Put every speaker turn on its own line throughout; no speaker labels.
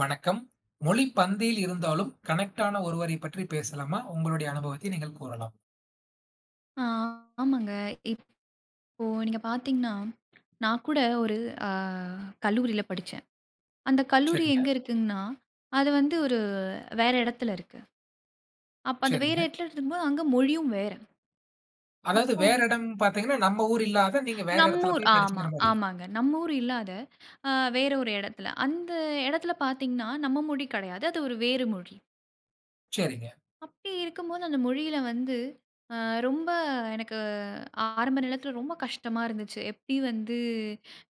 வணக்கம். மொழி பந்தில் இருந்தாலும் கனெக்ட்டான ஒருவரை பற்றி பேசலாமா? உங்களுடைய அனுபவத்தை நீங்கள் கூறலாம்.
ஆ, ஆமாங்க. இப்போ நீங்க பாத்தீங்கன்னா, நான் கூட ஒரு அ கல்லூரில படிச்சேன். அந்த கல்லூரி
சரிங்க.
எங்க இருக்குங்கன்னா, அது வந்து ஒரு வேற இடத்துல இருக்கு. அப்ப அந்த வேற
சரிங்க.
இடத்துல இருக்கும்போது அங்க மொழியும் வேற.
அதாவது
அப்போ
வேற எடம் பாத்தீங்கன்னா, நம்ம ஊர் இல்லாத, நீங்க வேற
நம்
எடத்துல
ஊர்
போய்
ஆமா
படிசீங்கற மாரி.
ஆமாங்க. நம்ம ஊர் இல்லாத, அ வேற ஒரு எடத்துல. அந்த எடத்துல பாத்தீங்கன்னா, நம்ம மொழி கெடையாது. அது ஒரு வேறு மொழி.
சரிங்க.
அப்படி இருக்கும்போது அந்த மொழியில வந்து அ ரொம்ப எனக்கு ஆரம்ப நேரத்தில ரொம்ப கஷ்டமா இருந்துச்சு. எப்டி வந்து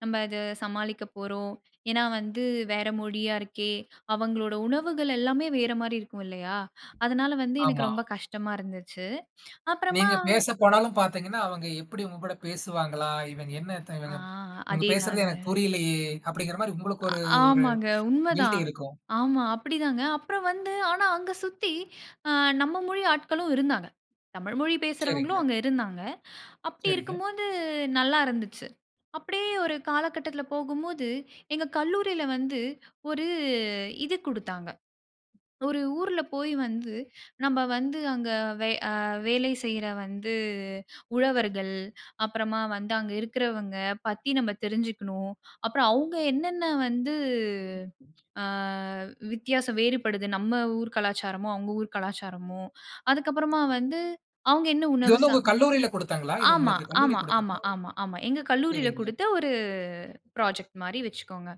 நம்ம அத சமாளிக்கப் போறோம்? ஏன்னா வந்து வேற மொழியா இருக்கே, அவங்களோட உணவுகள் எல்லாமே வேற மாரி இருக்கும் இல்லையா? அதனால வந்து எனக்கு
ஆமா.
ரொம்ப கஷ்டமா இருந்துச்சு. அப்றமா
நீங்க பேசப்போனாலும் பாத்தீங்கன்னா, அவங்க எப்படி உங்ககூட பேசுவாங்களா? இவங்க என்னத்த
ஆ
இவங்க இவங்க பேசுறது
அதேதாங்க.
எனக்கு புரியலையே! அப்படிகிற மாரி உங்களுக்கு
அ
ஒரு ஒரு
ஆமாங்க, உண்ம
கில்டி
தான்.
இருக்கும்.
ஆமா, அப்டி தாங்க. அப்புறம் வந்து ஆனா அங்க சுத்தி அ நம்ம மொழி ஆட்களும் இருந்தாங்க. தமிழ் மொழி பேசுறவங்களும்
சரிங்க.
அங்க இருந்தாங்க. அப்படி
சரிங்க.
இருக்கும்போது, நல்லா இருந்துச்சு. அப்படியே ஒரு காலகட்டத்துல போகும்போது, எங்க கல்லூரில வந்து ஒரு இது குடுத்தாங்க. ஒரு ஊர்ல போய் வந்து நம்ப வந்து அங்க வை அ வேலை செய்ற வந்து உழவர்கள், அப்புறமா வந்து அங்க இருக்குறவங்க பத்தி நம்ம தெரிஞ்சுக்கணும். அப்புறம் அவுங்க என்னென்னா வந்து,
[unintelligible]
ஆ வித்தியாச வேறுபடுது? நம்ம ஊர் கலாச்சாரமும், அவுங்க ஊர் கலாச்சாரமும், அதுக்கப்புறமா வந்து அவுங்க என்ன
இது
உணவு
வந்து
சா
உங்க கல்லூரில கொடுத்தாங்களா? இது
ஆமா
உங்களுக்கு கல்லூரி
ஆமா
கொடுத்த
ஆமா ஆமா, ஆமா. எங்க
[unintelligible]
கல்லூரில
சரிங்க.
குடுத்த ஒரு ப்ராஜெக்ட் மாரி வச்சுக்கோங்க.